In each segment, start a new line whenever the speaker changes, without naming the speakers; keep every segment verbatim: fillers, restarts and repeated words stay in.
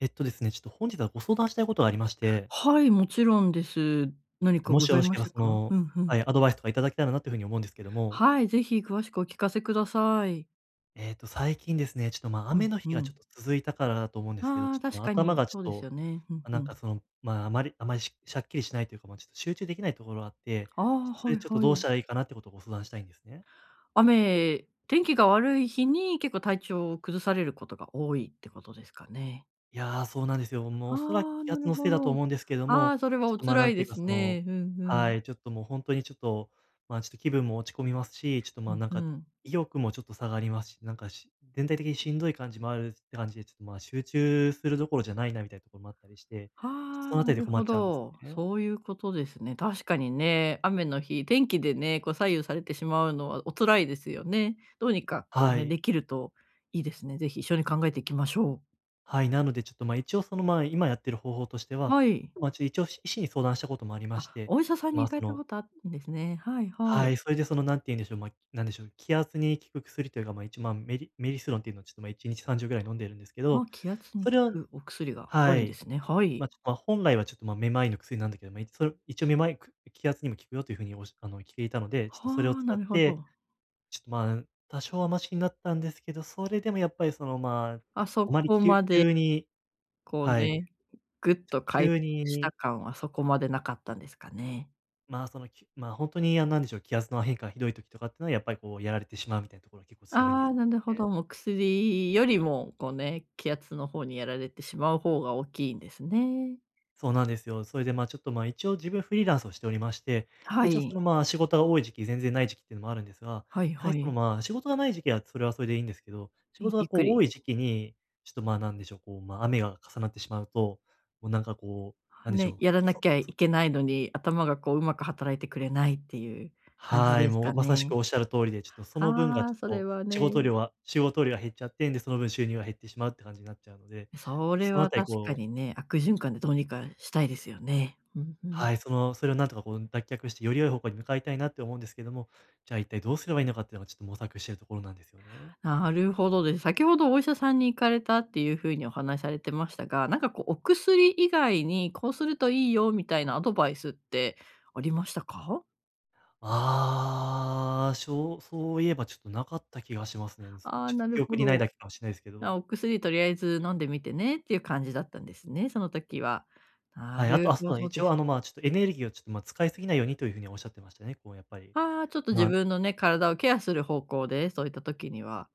えっとですね、ちょっと本日はご相談したいことがありまして。
はい、もちろんです。
え
何
っと、
か
も
ご
しよ
ざ
ろ
い
し
ま
け
し
れば、
た
そ
か？
の、
うん、ふ
は
ん。
い、アドバイスとかいただけたらなという風に思うんですけども。
はい、ぜひ詳しくお聞かせください。
ええと、最近ですね、ちょっと、ま、
うん、
雨の
う
日が、ちょっ
ん。
と続いたからだと思うんですけど、
あ
ち
あ、
ょっ
確
と、
か
頭
に
が、ちょ
そ
っ
うです
と、
よね。ふんふ
なんか、
ん。
その、まあ、あまりあまり、しゃしゃっきりしないというか、ま、ちょっと、集中できないところがあって、
ああ、
ちょっと、そ
は
れ、
い
ちょっと、
は
どうし
い。
たらいいかなっていうことをご相談したいんですね。
雨、天気が悪い日に、結構体調を崩されることが多いってことですかね？
いや、そうなんですよ。もう
あ
おそらく
あ、
気
な
圧
る
のせい
ほ
だと
ど。
思うんですけど
あ
も、
あ、それは
ちょっ
お
と、ま、
辛
なん
い
てい
で
うか、
す
その
ね。ふんふ
は
ん。
い、ちょっと、もう、ほんとに、ちょっと、まあ、ちょっと気分も落ち込みますし、ちょっと、まあ、
ふ
なん
ふ
か、
ん。
意欲もちょっと下がりますし、なんか、し全体的にしんどい感じもあるって感じで、ちょっと、まあ、集中するどころじゃないなみたいなところもあったりして、ちょっと、
あ
そ
あ、
のあた
な
りで
る
困
ほ
っちゃうんです
ど。
ね。
そういうことですね。確かにね、雨の日、天気でね、こう、左右されてしまうのはお辛いですよね。どうにか、こう
は
ね、
い。
できるといいですね。ぜひ一緒に考えていきましょう。
はい、なので、ちょっと、まあ、一応その、まあ、今やってる方法としては、
はい。
まあ、一応、医師に相談したこともありまし
あ、
て、
お医者さんに
まあ、
行か
そ
れた
の
ことあるんですね。はいは
は
い。
い。それで、その、何て言うんでしょう、ま、なんでしょう、気圧に効く薬というか、まあ、いちまん、メリメリスロンっていうのを、ちょっと、ま、いちにちさんじょうぐらい飲んでいるんですけ
あ、
ど、
気圧に
そ
効
れを
くお薬があ
は
るんで
い、
すね。はい。
ま、ちょっと、本来はちょっと、ま、めまいの薬なんだけど、ま、いそれ、一応めまい、く気圧にも効くよという風に、おしあの、きていたので、ちょっと、それを
は、
使
な
っ
るほ
て、
ど。
ちょっと、まあ、多少はマシになったんですけど、それでもやっぱり、その、まあ、
あ、そ
あまり、
こ
きゅ
まで
急に
こう
はい。
ね、ぐっと回
急
復
に
した感は、そこまでなかったんですかね。
まあ、その、きまあ、本当に、あの、なんでしょう、気圧の変化がひどい時とかっていうのは、やっぱりこう、やられてしまうみたいなところが結構強いんで
ああ、
す、
なるほ
ね。
ど。お薬よりもこうね、気圧の方にやられてしまう方が大きいんですね。
そうなんですよ。それで、まあ、ちょっと、まあ、一応自分フリーランスをしておりまして。
は
一応その、
い。
まあ、仕事が多い時期、全然ない時期っていうのもあるんですが。
はい
やは
は
りその、
い。
まあ、仕事がない時期は、それはそれでいいんですけど。仕
ん、
事が
ゆっく
こう
り。
多い時期に、ちょっと、まあ、何でしょう、こう、まあ、雨が重なってしまうと、もうなんかこう、なんでしょ
ね。
う、
やらな
そ
きゃい
そ
けないのに、頭がこう、うまく働いてくれないっていう感じ
はい、
です
もう
か
まさしく
ね。
仰る通りで。ちょっとその分が、
あ
ち
あ、
ょっ
それ
と
は
仕
ね。
事量は仕事量が減っちゃって、で、その分、収入が減ってしまうって感じになっちゃうので。
それ
そのあ
は
たり
確か
こう
にね、悪循環でどうにかしたいですよね。うんうん。
はい、そのそれをなんとかこう脱却して、より良い方向に向かいたいなって思うんですけども。じゃあ一体どうすればいいのかっていうのが、ちょっと模索しているところなんですよね。
なるほどです。先ほど、お医者さんに行かれたっていうふうにお話されてましたが、なんかこうお薬以外に、こうするといいよみたいなアドバイスってありましたか？
ああ、しょうそういえばちょっとなかった気がしますね。す
あ
ち
あ、
ょっ
なる
記憶
ほ
にない
ど。
だけかもしれないですけ
な、
ど。
お薬とりあえず飲んでみてねっていう感じだったんですね、その時は。な
はい、あと
る
は、あ、そ
ほ
うだ、
ど
一
で
応
す
あ
ね。
のまあちょっとエネルギーをちょっと、ま、使い過ぎないようにという風にはおっしゃってましたね。こうやっぱり。
ああ、ちょっと自
まあ
分のね、体をケアする方向で、そういった時には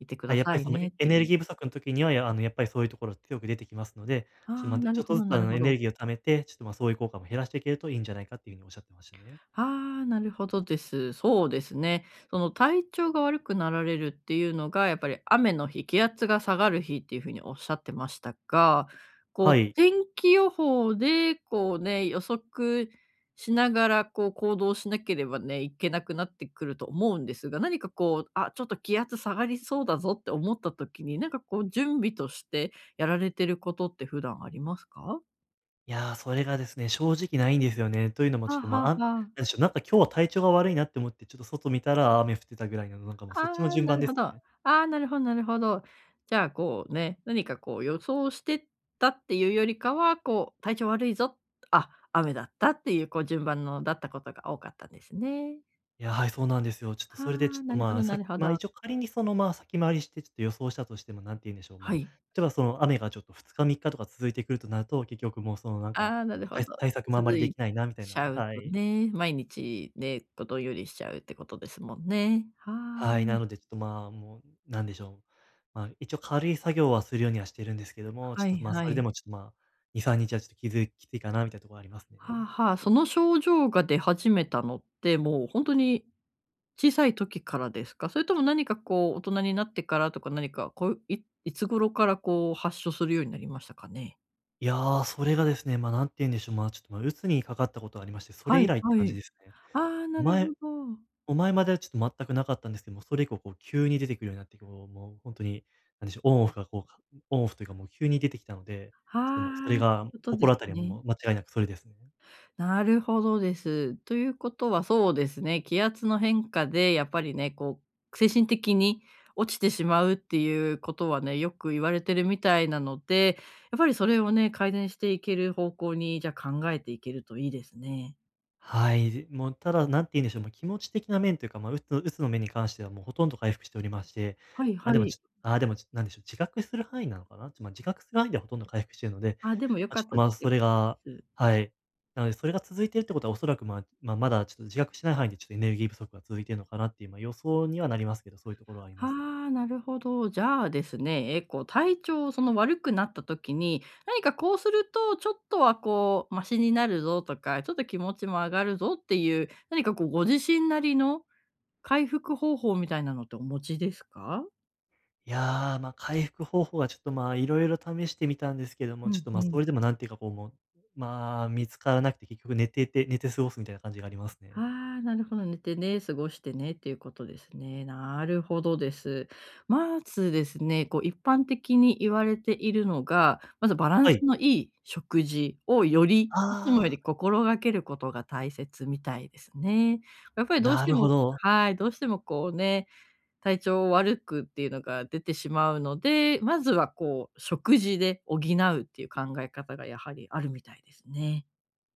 いてく
は
だ
い、やっ
さ
ぱり
い
その
ねっ
エエ
て
ネ
い
ル
う。
ギー不足の時には、やらあのやっぱりそういうところは強く出てきますので、ちょっと、
ああ、
ま、ど
な
ち
る
ょっ
ほ
とず
ど
つ
な
あ
る
の
ほ
エネ
ど。
ルギーを貯めて、ちょっとまあそういう効果も減らしていけるといいんじゃないかっていうふうにおっしゃってましたね。
ああ、なるほどです。そうですね。その体調が悪くなられるっていうのが、やっぱり雨の日、気圧が下がる日っていう風におっしゃってましたが、こ
は
う、
い。
天気予報でこうね、予測しながらこう行動しなければね、いけなくなってくると思うんですが、何かこう、あ、ちょっと気圧下がりそうだぞって思った時に、なんかこう準備としてやられてることって普段ありますか？
いや、それがですね、正直ないんですよね。というのもちょ
は
っと、ま、
は
あん
は。
なんでしょう、なんか今日は体調が悪いなって思って、ちょっと外見たら、あ雨降ってたぐらいのなんかもうそっちの
ああ、
順
な
番
る
で
ほ
す
ど。あ
ね。
あ、なるほどなるほど。じゃあこうね、何かこう予想してたっていうよりかは、こう体調悪いぞ、あ、雨だったっていうこう順番のだったことが多かったんですね。
いや、はい、そうなんですよ。ちょっと
は
それでちょ
あ、
っ
な
と
るほ
まあ、
どな
さっ
るほ
まあ
ど。
一応仮にその、まあ先回りしてちょっと予想したとしても、何て言うんでしょう、ま、
はい。
例えばその雨がちょっとふつかみっかとか続いてくるとなると、結局もうそのなんか、
ああ、なるほ
対
ど。
対策もあま
続
りで
い
きないなみたい
ち
な。
ゃう
は
と
い。
ね、毎日ね、と、どんよりしちゃうってことですもんね。は
はい、な
い。
のでちょっとまあもう、何でしょう、まあ、一応軽い作業はするようにはしてるんですけども、ち
は
ょっ
い
とまあ、
は
それで
い。
もちょっとまあ2にさんにちはちょっときづいきついかなみたいなとこはありますね。
はあはあ、その症状が出始めたのって、もうほんとに、小さい時からですか？それとも何かこう大人になってからとか何か、こう、いいつ頃からこう発症するようになりましたかね？
いや、それがですね。まあ、なんて言うんでしょう。まあ、ちょっと、まあ、鬱にかかったことがありまして。それ
は
以
い
来って
は
感じ
い。
ですね。
ああ、なる
前
ほど。
もう前まではちょっと全くなかったんですけども、それ以降こう急に出てくるようになって、こう、もう本当になんでしょう、オンオフがこうかオンオフというかもう、急に出てきたので。ちょっともうそれ
はあ。そういう
が、
ことです
心当たりは
ね。
もう、間違いなくそれですね。
なるほどです。ということはそうですね、気圧の変化でやっぱりね、こう精神的に落ちてしまうっていうことはね、よく言われてるみたいなので、やっぱりそれをね、改善していける方向に、じゃ、考えていけるといいですね。
はい。ずもうただ、何て言うんでしょう。ま、気持ち的な面というか、まあ鬱鬱の面に関してはもう、ほとんど回復しておりまして。
はい
ああ、
は
でも
い。
ちああでもち、なんでしょう、自覚する範囲なのかな？ち、まあ自覚する範囲では、ほとんど回復しているので。
あ。でも、良
まあ、
か
ちょ
っ
っと、
た
ま
で
あ、
す
そ
良
れ
かった
が
です。
はい。なので、それが続いているってことはおそらく、まま、まだちょっと自覚してない範囲でちょっと、エネルギー不足が続いているのかなっていう、まあ、予想にはなりますけど。そういうところはあり
は
ます。
あ、なるほど。じゃあですね。え、こう、体調その悪くなった時に、何かこうするとちょっとはこうマシになるぞとか、ちょっと気持ちも上がるぞっていう、何かこうご自身なりの、回復方法みたいなのってお持ちですか？
いや、ま、回復方法はちょっと、ま、色々試してみたんですけど
う
も、ちょっ
ん
と、
う
ま、そ
ん。
れでもなんていうかこうもう、まあ、見つからなくて。結局寝てて寝て過ごすみたいな感じがありますね。
あ、なるほど、寝てね、過ごしてねっていうことですね。なるほどです。まずですね、こう一般的に言われているのが、まずバラン
は
ス
い。
のいい食事を、より
あ
いつもよ
あ。
り心がけることが大切みたいですね。やっぱりどうし
な
て
るほ
も
ど。
はい、どうしてもこうね、体調を悪くっていうのが出てしまうので、まずはこう食事で補うっていう考え方がやはりあるみたいですね。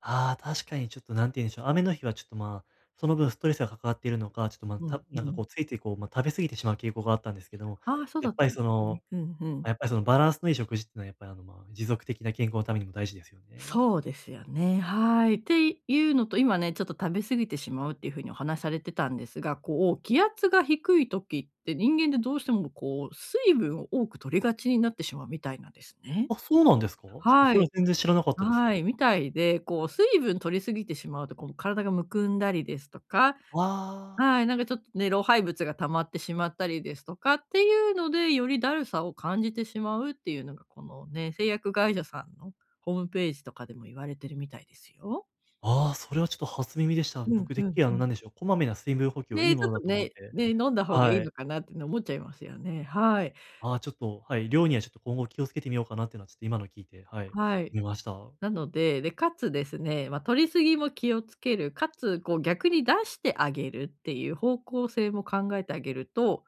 あ、確かに、ちょっと何て言うんでしょう、雨の日はちょっと、ま、その分ストレスがかかっているのか、ちょっと、ま、
う
た
ん、
な
う
んかこ
ん。
う、ついついこう、ま、食べ過ぎてしまう傾向があったんですけども、
ああ、そう
や
だ
っ
っ
ぱ
た
り
んで
そ
す
の
ね。うんう
や
ん。
っぱりそのバランスのいい食事っていうのは、やっぱりあの、ま、持続的な健康のためにも大事ですよね。
そうですよね、はい。っていうのと、今ね、ちょっと食べ過ぎてしまうっていう風にお話されてたんですが、こう気圧が低い時って人間ってどうしてもこう、水分を多く摂りがちになってしまうみたいなんですね。
あ、そうなんですか？ちょっと
は
それ
い。
は全然知らなかったです。
はい、みたいで、こう水分摂り過ぎてしまうと、こう体がむくんだりですとか、
ああ。
はい、なんかちょっとね、老廃物が溜まってしまったりですとかっていうので、よりだるさを感じてしまうっていうのが、このね、製薬会社さんの、ホームページとかでも言われてるみたいですよ。
あ、それはちょっと初耳でした。
うん
僕て
う
っき
ん
り、あ
う
の
ん。
なんでしょう、こまめな水分補給はいい
ね、ち
も
ょっ
の
と
だと思っ
ね、
て、
ね、飲んだ方がいい
は
の
い。
かなっての思っちゃいますよね。はい。
あ、ちょっと、はい、量にはちょっと今後気を付けてみようかなってのは、ちょっと今の聞いて、はい、
はい。
思いました。
なので、で、かつですね、ま、摂り過ぎも気を付ける、かつこう逆に出してあげるっていう方向性も考えてあげると、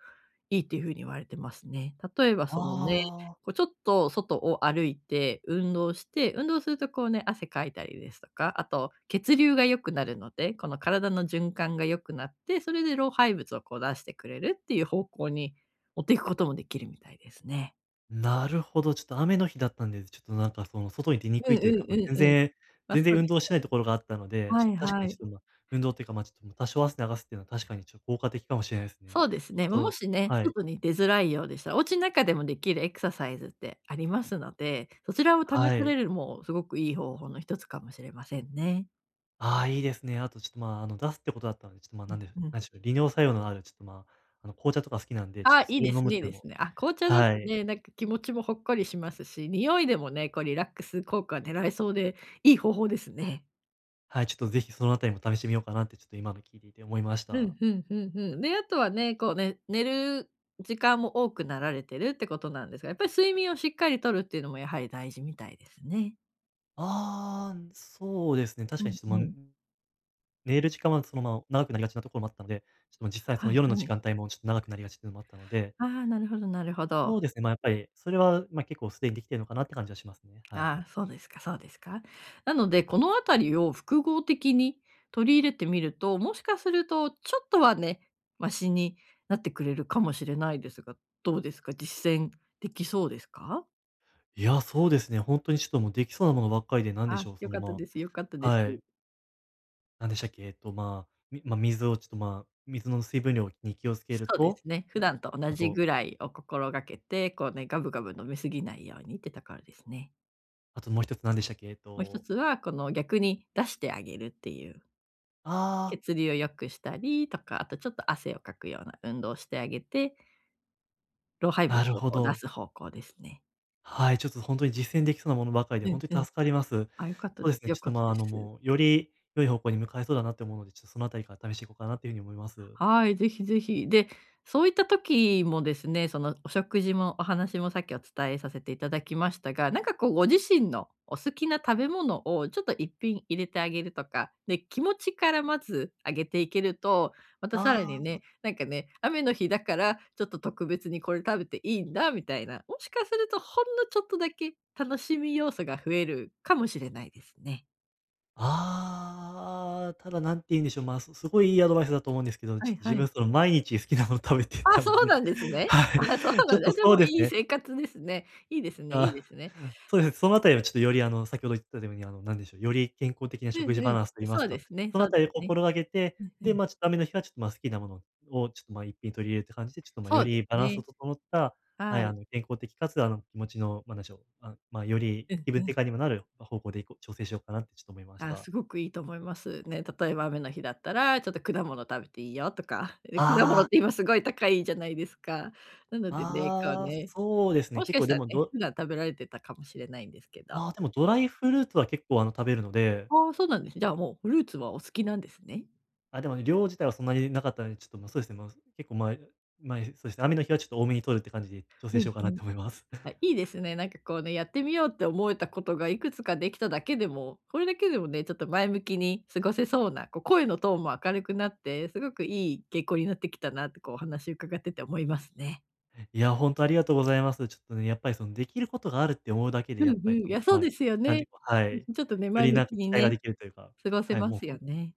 いいっていう風に言われてますね。例えば
あ
そのね、
あ。
こうちょっと外を歩いて運動して、運動するとこうね、汗かいたりですとか、あと、血流が良くなるので、この体の循環が良くなって、それで老廃物をこう出してくれるっていう方向に持ってくこともできるみたいですね。
なるほど、ちょっと雨の日だったんで、ちょっとなんかその外に出に
う
く
ん
いとい
う
う
ん
か、
う
ま、全
んうん。
然
あ、
全
そ
然
う
運
です
動
[unintelligible]
してないところがあったので、
は
ちょっ
い
と確か
は
に、ち
い。
ょっとま、運動というか、まちょっと多少汗流すっていうのは、確かにちょっと効果的かもしれないですね。
そうです
あ
ね、も
と
しね、
はい。
外に出づらいようでしたら、お家の中でもできるエクササイズってありますので、そちらを試
は
さ
い。
れるも、すごくいい方法の一つかもしれませんね。
ああ、いいですね。あとちょっとまあ、あの出すってことだったので、ちょっとま、なんでしょう
うんうん。
なんでしょう、利尿作用のあるちょっとま、あの紅茶とか好きなんで、ちょっ
ああ、
と
い
そ
い
れ
で
を飲
す
むっ
ねいい
てい
で
うの
す
も
ね。あ、紅茶だと
はい。
ね、なんか気持ちもほっこりしますし、匂いでもね、こうリラックス効果が狙えそうでいい方法ですね。
はい、ちょっと是非そのあたりも試してみようかなって、ちょっと今の聞いていて思いまし
ふん
た。
ふんふんふん。で、あとはね、こうね、寝る時間も多くなられてるってことなんですが、やっぱり睡眠をしっかりとるっていうのもやはり大事みたいですね。
ああ、そうですね。確
う
かに
ん
ちょっと、
う
ま、
ん。
寝る時間はそのまま長くなりがちなところもあったので、ちょっと実際そ
は
の
い
夜
は
の時
い。
間帯も、ちょっと長くなりがちっていうのもあったので。
ああ、なるほどなるほど。
そうですね、まあやっぱり、それはまあ、結構すでにできてるのかなって感じはしますね。はい。
ああ、そうですかそうですか。なのでこのあたりを複合的に取り入れてみると、もしかするとちょっとはね、マシになってくれるかもしれないですが、どうですか、実践できそうですか？
いや、そうですね。ほんとにちょっともうできそうなものばっかりで、なんで
あ、
しょう、
よ
そ
か
の、
った
ま
です、よかった
あ
です。
はい。なんでしたっけ、えっと、まあ、みまあ、水をちょっとまあ、水の水分量に気を付け
そ
る
うで
と、
すね、普
え、
段と同
あ
じ
と
ぐらいを心がけて、こうね、ガブガブ飲み過ぎないようにってところですね。
あともう一つ何でしたっけ？えっ
もう一
と
つはこの逆に出してあげるっていう。
ああ。
血流を良くしたりとか、あと、ちょっと汗をかくような運動をしてあげて、老廃
な
物
る
を
ほ
こう出
ど。
す方向ですね。
はい、ちょっとほんとに実践できそうなものばっかりで
う
ほん
ん
と
う
に
ん。
助かります。そ
あ、良かった
う
で
ですね、
良
ちょっ
か
と
っ
ま
た
あ、
で
あの、
す。
もう、より良い方向に向かえそうだなと思うので、ちょっとそのあたりから試していこうかなというふうに思います。
はい、ぜひぜひ。で、そういった時もですね、そのお食事も、お話もさっきお伝えさせていただきましたが、なんかこう、ご自身のお好きな食べ物をちょっといっぴん入れてあげるとか、で、気持ちからまず上げていけると、またさらに
ああ。
ね、なんかね、雨の日だからちょっと特別にこれ食べていいんだみたいな、もしかすると、ほんのちょっとだけ楽しみ要素が増えるかもしれないですね。
ああ、ただ何て言うんでしょう、まあ、すすごいいいアドバイスだと思うんですけど、
は
ちょっ
い
と
は
自
い。
分その毎日好きなもの食べて
あ、
た
そ
の
う
で。
なんですね。
は
あ、そう
い。ちょ
な。
っと
で
そう
も
です
いい
ね。
生活ですね。いいですねいい
あ、
ですね。
そうですね。そのあたりはちょっとよりあの先ほど言ったように、あのなんでしょう、より健康的な
う
食
ん
事
う
バ
ん、
ランスと言いま
そ
す
うで
か、
すね
その
そうで
辺り
す
を
ね。
心がけて、
うんう
で、
ん。
ま、ちょっと雨の日はちょっとまあ好きなものをちょっと、ま、一品取り入れるって感じで、ちょっと、ま、
そ
よ
うで
り
す
バランスの
ね。
整った、は
は
い、あ
い。
の、健康的かつあの気持ちの、なんでしょう、あ、ま、より
うん
気分
う
転
ん。
換にもなる方向でいこう調整しようかなってちょっと思いまし
あ、
た。
すごくいいと思います、ね。例えば雨の日だったらちょっと果物食べていいよとか。え、果
あ
物
あ。
って今すごい高いじゃないですか。なのでね、こう
ああ、
ね、
そうですね。
もし
結
かし
構で
たら
も
ね、
ど
普段食べられてたかもしれないんですけど。
ああ、でもドライフルーツは結構あの食べるので。
ああ、そうなんですね。じゃあもうフルーツはお好きなんですね。
あ、でもね、量自体はそんなになかったので、ちょっと、ま、そうですね、まあ、結構前前、そうですね、雨の日はちょっと多めに取るって感じで調整
う
し
ん
ようかな
う
っ
ん。
て思います。
は い、いいですね。なんかこうね、やってみようって思えたことがいくつかできただけでも、これだけでもね、ちょっと前向きに過ごせそうな、こう声のトーンも明るくなって、すごくいい傾向になってきたなとこうお話伺ってて思いますね。
え、いや、本当ありがとうございます。ちょっとね、やっぱりそのできることがあるって思うだけで、
うん
やっ
う
ぱり
ん、い
そ
や
の、
そう
ま、
ですよ
なん
ね。
ていうかは
う
い、
ん
よ
うん。ちょっとね、前
り
向
なん
き
か期
に
待が
ね、
できるというか、
過ごせ
はい、
ま
もう
すよ
本
ね。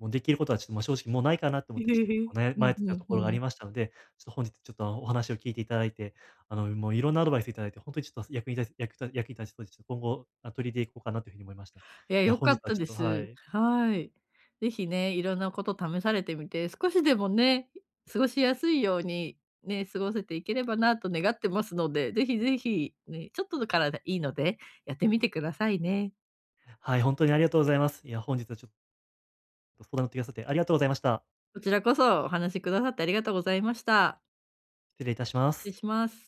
もうできることはちょっと、ま、正直もうないかなと思ってちょっと結構 ね、
う
まい
んう
ってた
ん
とこ
う
ろがあり
ん。
ましたので、ちょっと本日ちょっとお話を聞いていただいて、あの、もういろんなアドバイスいただいて本当にちょっと役に立つ役役に立ちそうです。今後、あ、取りいれて行こうかなという風に思いました。い
いや、
や、
良
本
か
日
っ
は
た
ちょ
で
っとは
す。
い。
はい。ぜひね、いろんなこと試されてみて、少しでもね、過ごしやすいようにね、過ごせていければなと願ってますので、ぜひぜひに、ちょっとだからでいいのでやってみてくださいね。
はい、本当にありがとうございます。いや、本日はちょっと相談乗ってくださってありがとうございました。
こちらこそお話しくださってありがとうございました。
失礼いたしま
ち
す。
します。